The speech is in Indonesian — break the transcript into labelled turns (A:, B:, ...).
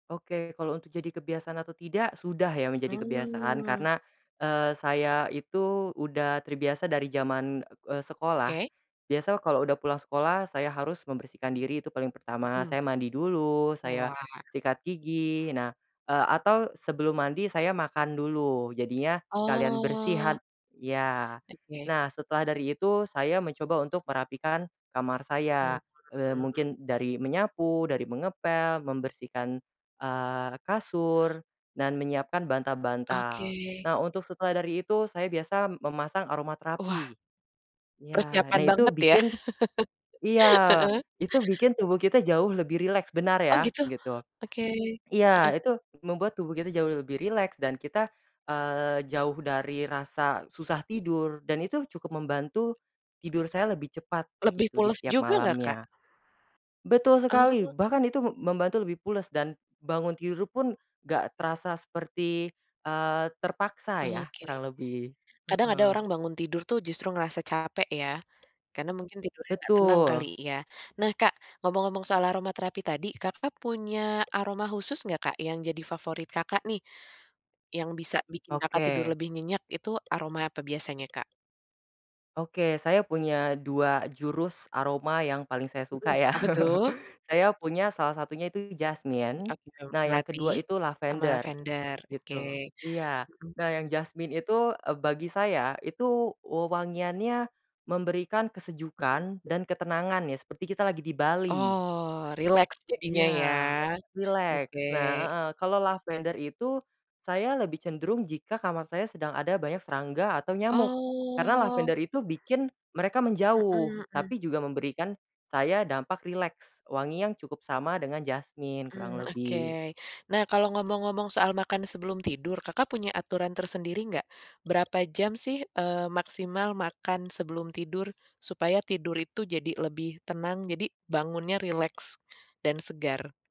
A: Oke kalau untuk jadi kebiasaan atau tidak, sudah ya menjadi kebiasaan
B: Mmm.
A: karena, eee, saya itu udah terbiasa dari jaman, eee, sekolah,
B: Oke.
A: biasa kalau udah pulang sekolah saya harus membersihkan diri itu paling pertama
B: Mhm.
A: saya mandi dulu, saya,
B: Wah.
A: sikat gigi nah, eee, atau sebelum mandi saya makan dulu jadinya sekalian
B: Oh.
A: bersihan ya,
B: Oke.
A: nah setelah dari itu saya mencoba untuk merapikan kamar
B: Mmm.
A: saya, eee,
B: [unintelligible]
A: mungkin dari menyapu, dari mengepel, membersihkan, eee, kasur, dan menyiapkan bantal-bantal.
B: Oke.
A: Nah untuk setelah dari itu saya biasa memasang aroma
B: Wah.
A: terapi. Iya nah
B: Persiapan
A: itu
B: banget ya,
A: bikin iya,
B: heeh.
A: itu bikin tubuh kita jauh lebih rileks benar
B: Oh
A: ya?
B: gitu?
A: Gitu.
B: Oke, heeh.
A: Iya itu membuat tubuh kita jauh lebih rileks dan kita, eee, jauh dari rasa susah tidur dan itu cukup membantu, tidur saya lebih cepat
B: Lebih
A: gitu di
B: pules
A: setiap
B: juga nggak, Kak?
A: malamnya. Betul sekali
B: Oh.
A: bahkan itu mem membantu lebih pules dan, bangun tidur pun gak terasa seperti, eee, terpaksa ya
B: Oke.
A: kurang lebih,
B: Kadang ada
A: heeh.
B: orang bangun tidur tuh justru ngerasa capek ya, karena mungkin tidurnya gak tenang kali
A: Betul.
B: ya? Nah Kak ngomong-ngomong soal aroma terapi tadi Kakak punya aroma khusus nggak Kak yang jadi favorit Kakak nih? Yang bisa bikin Kakak tidur
A: Oke.
B: lebih nyenyak itu aroma apa biasanya Kak?
A: Oke saya punya 2 jurus aroma yang paling saya suka
B: Mhm,
A: ya,
B: apa tuh?
A: saya punya salah satunya itu
B: Mmm
A: jasmine,
B: oke, jam
A: nah yang
B: melati,
A: kedua itu
B: ama
A: lavender
B: lavender. Oke,
A: gitu iya,
B: mhm.
A: nah yang jasmine itu, eee, bagi saya itu wewangiannya, memberikan
B: Mhm.
A: kesejukan dan ketenangan ya seperti kita lagi di Bali.
B: Oh, rileks jadinya
A: Iya,
B: ya?
A: rileks,
B: Oke.
A: nah, heeh, kalau lavender itu, saya lebih cenderung jika kamar saya sedang ada banyak serangga atau nyamuk. Karena
B: Oh.
A: lavender itu bikin mereka menjauh,
B: Mhm mhm.
A: tapi juga memberikan, saya dampak rileks, wangi yang cukup sama dengan jasmine kurang
B: Mmm,
A: lebih.
B: oke nah kalau ngomong-ngomong soal makan sebelum tidur Kakak punya aturan tersendiri nggak, berapa jam sih, eee, maksimal makan sebelum tidur, supaya tidur itu jadi lebih tenang jadi bangunnya rileks, dan segar?